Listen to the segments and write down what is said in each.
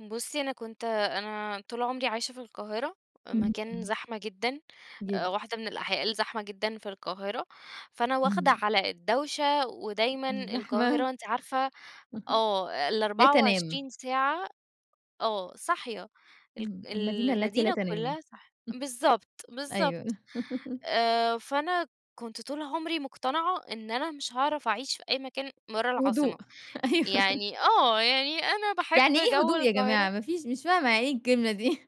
بُصّي، أنا كنت أنا طول عمري عايشة في القاهرة، إمم مكان إمم. زحمة جدًا آآ، جدًا. واحدة من الأحياء الزحمة جدًا في القاهرة، فأنا واخدة إمم. على الدوشة، ودايمًا م الزحمة. القاهرة أنتِ عارفة آه، لا الأربعة تنام. وعشرين ساعة آه، صاحية الق إمم، المدينة التي لا المدينة تنام. كلّها صاحية بالضبط، أيوه. بالضبط آآ، فأنا كنت طول عمري مقتنعة إن أنا مش هاعرف أعيش في أي مكان برّا في العاصمة هدوء، أيوه. يعني آه، يعني أنا باحب يعني إيه جوّ هدوء يا القاهرة جماعة؟ ما فيش مش فاهمة يعني إيه الكلمة دي؟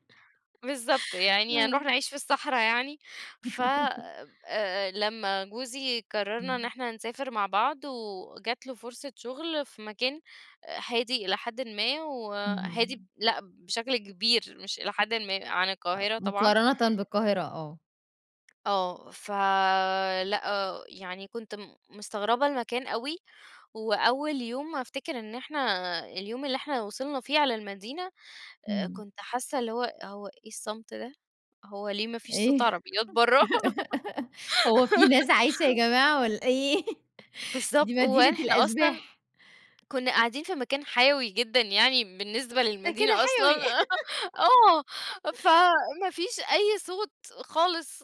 بالضبط، يعني آه. هنروح نعيش في الصحرا يعني؟ ف آآ، لمّا جوزي قررنا إن إمم. إحنا نسافر مع بعض وجات له فرصة شغل في مكان هادي إلى حدٍ ما، وهادي ب اهم. لأ بشكل كبير مش إلى حدٍ ما عن آه، القاهرة طبعًا. مقارنةً بالقاهرة آه. آه، فلأ يعني كنت م مستغربة المكان أوي، وأول يوم أفتكر إن إحنا اليوم اللي إحنا وصلنا فيه على المدينة آآ، إمم. كنت حاسة اللي هو، هو إيه الصمت ده؟ هو ليه ما فيش صوت إيه؟ عربيات برّا؟ هو في ناس عايشة يا جماعة والّا إيه؟ دي بالضبط، مدينة وإحنا أصلًا الأشباح. كنا قاعدين في مكان حيوي جدًا يعني بالنسبة ده كده للمدينة حيوي. أصلًا آه، فما فيش أي صوت خالص،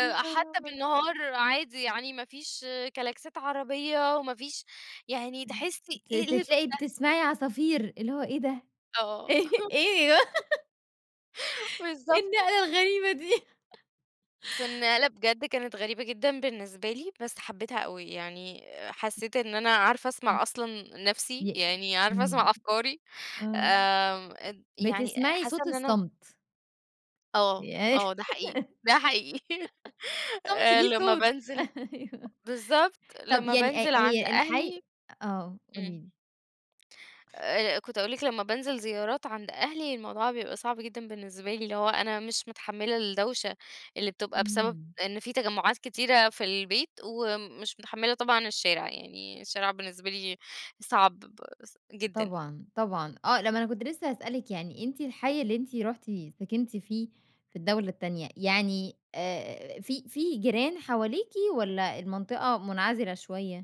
يا خبر! بالنهار عادي يعني ما فيش كلاكسات عربية، وما فيش يعني إمم تحسي ت إيه ليه ت الهدوء تلاقي ده؟ بتسمعي عصافير اللي هو إيه ده؟! آه. إيه؟! أيوه. إيه بالضبط. النقلة الغريبة دي؟ فالنقلة بجد كانت غريبة جدًا بالنسبة لي، بس حبيتها أوي، يعني حسيت إن أنا عارفه آه، اسمع أصلًا نَفسي، ي يعني عارفه إمم، اسمع أفكاري آه، آمم، اد يعني بتسمعي حاسة صوت إن أنا الصمت. ي آه آه، ده حقيقي، ده حقيقي الصمت آآ، ليه لما صوت، بانزل أيوه. بالضبط، طب لما يعني أ بانزل عند هي الحي أهلي آه قولي إمم. لي. آآ، كنت هاقول لِك لمّا بانزل زيارات عند أهلي، الموضوع بيبقى صعب جدًا بالنسبة لي، اللي هو أنا مش متحملة الدوشة اللي بتبقى بسبب إمم. إن في تجمّعات كتيرة في البيت، ومش متحملة طبعًا الشارع، يعني الشارع بالنسبة لي صعب ب جدًا. طبعًا طبعًا، آه، لأ ما أنا كنت لسه هاسألِك يعني أنتِ الحي اللي أنتِ رُحتِ سكنتِ فيه في الدولة التانية، يعني آآ، في في جيران حواليكِ والّا المنطقة منعزلة شوية؟